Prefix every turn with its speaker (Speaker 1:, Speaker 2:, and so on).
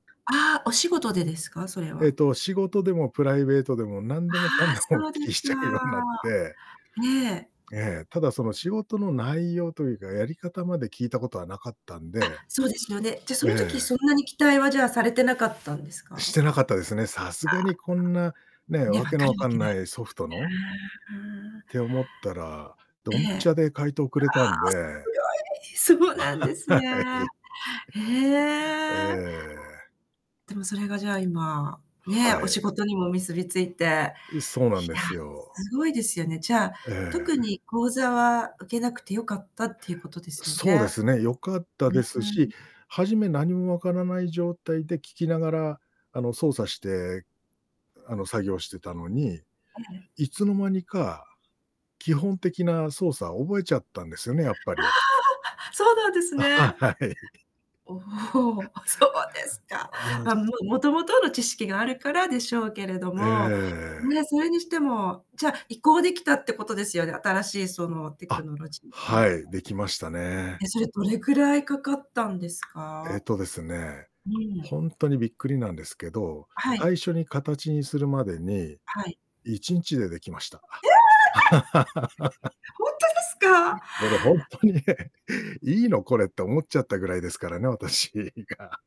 Speaker 1: ああ、お仕事でですか？それ
Speaker 2: え
Speaker 1: は。
Speaker 2: っと、仕事でもプライベートでも、なん
Speaker 1: あ
Speaker 2: でもかん
Speaker 1: あ、
Speaker 2: でもお
Speaker 1: そうです
Speaker 2: 聞き
Speaker 1: か。
Speaker 2: しちゃうようなって。
Speaker 1: ええ。
Speaker 2: ええ、ただその仕事の内容というか、やり方まで聞いたことは無かったんで、
Speaker 1: あ、そうですよね。じゃあ、そ
Speaker 2: え
Speaker 1: の時
Speaker 2: え。
Speaker 1: そんなに期待は、じゃあ、されてなかったんです
Speaker 2: し
Speaker 1: か？
Speaker 2: てなかったですね。さす
Speaker 1: あ
Speaker 2: が
Speaker 1: あ。
Speaker 2: にこんなね、
Speaker 1: ね、分
Speaker 2: 訳の
Speaker 1: か
Speaker 2: 分
Speaker 1: るわ
Speaker 2: かん
Speaker 1: けない
Speaker 2: な
Speaker 1: で
Speaker 2: いソフト
Speaker 1: す
Speaker 2: の
Speaker 1: よね。
Speaker 2: って思ったら、
Speaker 1: え
Speaker 2: ドンピシ
Speaker 1: え。
Speaker 2: ャで回答くれたんで、
Speaker 1: ああ、すごい。そうなんで す
Speaker 2: は
Speaker 1: ね。
Speaker 2: い。
Speaker 1: へ
Speaker 2: え
Speaker 1: え。
Speaker 2: え。
Speaker 1: でもそれが、じゃあ、今、ね、
Speaker 2: は
Speaker 1: お
Speaker 2: い。
Speaker 1: 仕事にも結びついて、いや、
Speaker 2: う、そうなんですよ。
Speaker 1: すごいですよね。じゃあ、
Speaker 2: え
Speaker 1: 特
Speaker 2: え。
Speaker 1: に講座は受けなくて良かったっていうことですよ
Speaker 2: そうで
Speaker 1: ね？
Speaker 2: すね、良かった
Speaker 1: うー
Speaker 2: ですし、
Speaker 1: ん。
Speaker 2: 初め何も分からない状態で、聞きながら、あの、操作して、あの、作業してたのに、
Speaker 1: ええ。
Speaker 2: いつの間にか、基本的な操作覚えちゃったんですよね、やっぱ
Speaker 1: あ
Speaker 2: り。
Speaker 1: あ！そうなんです
Speaker 2: あ、
Speaker 1: ね。
Speaker 2: は、はい。
Speaker 1: おお、そうですか。
Speaker 2: ああ、
Speaker 1: ま、
Speaker 2: つ
Speaker 1: も元々の知識があるからでしょうけれど
Speaker 2: え
Speaker 1: も。
Speaker 2: え。
Speaker 1: ね、それにしても、じゃ、移行できたってことですよね、新しい、その、テク
Speaker 2: あ、
Speaker 1: ノロジーっていう
Speaker 2: はい、
Speaker 1: か。
Speaker 2: できましたね。
Speaker 1: え、それどれくらいかかったんです
Speaker 2: え
Speaker 1: か？
Speaker 2: っとですね、
Speaker 1: うん。
Speaker 2: ほんとにびっくりなんですけど、
Speaker 1: はい。
Speaker 2: 最初にかたちにするまでに、
Speaker 1: はい。
Speaker 2: 1日でできました。
Speaker 1: ええ、やは。ほんとですか？
Speaker 2: これほんとにね、「いいのこれ？」って思っちゃったぐらいですからね、私が。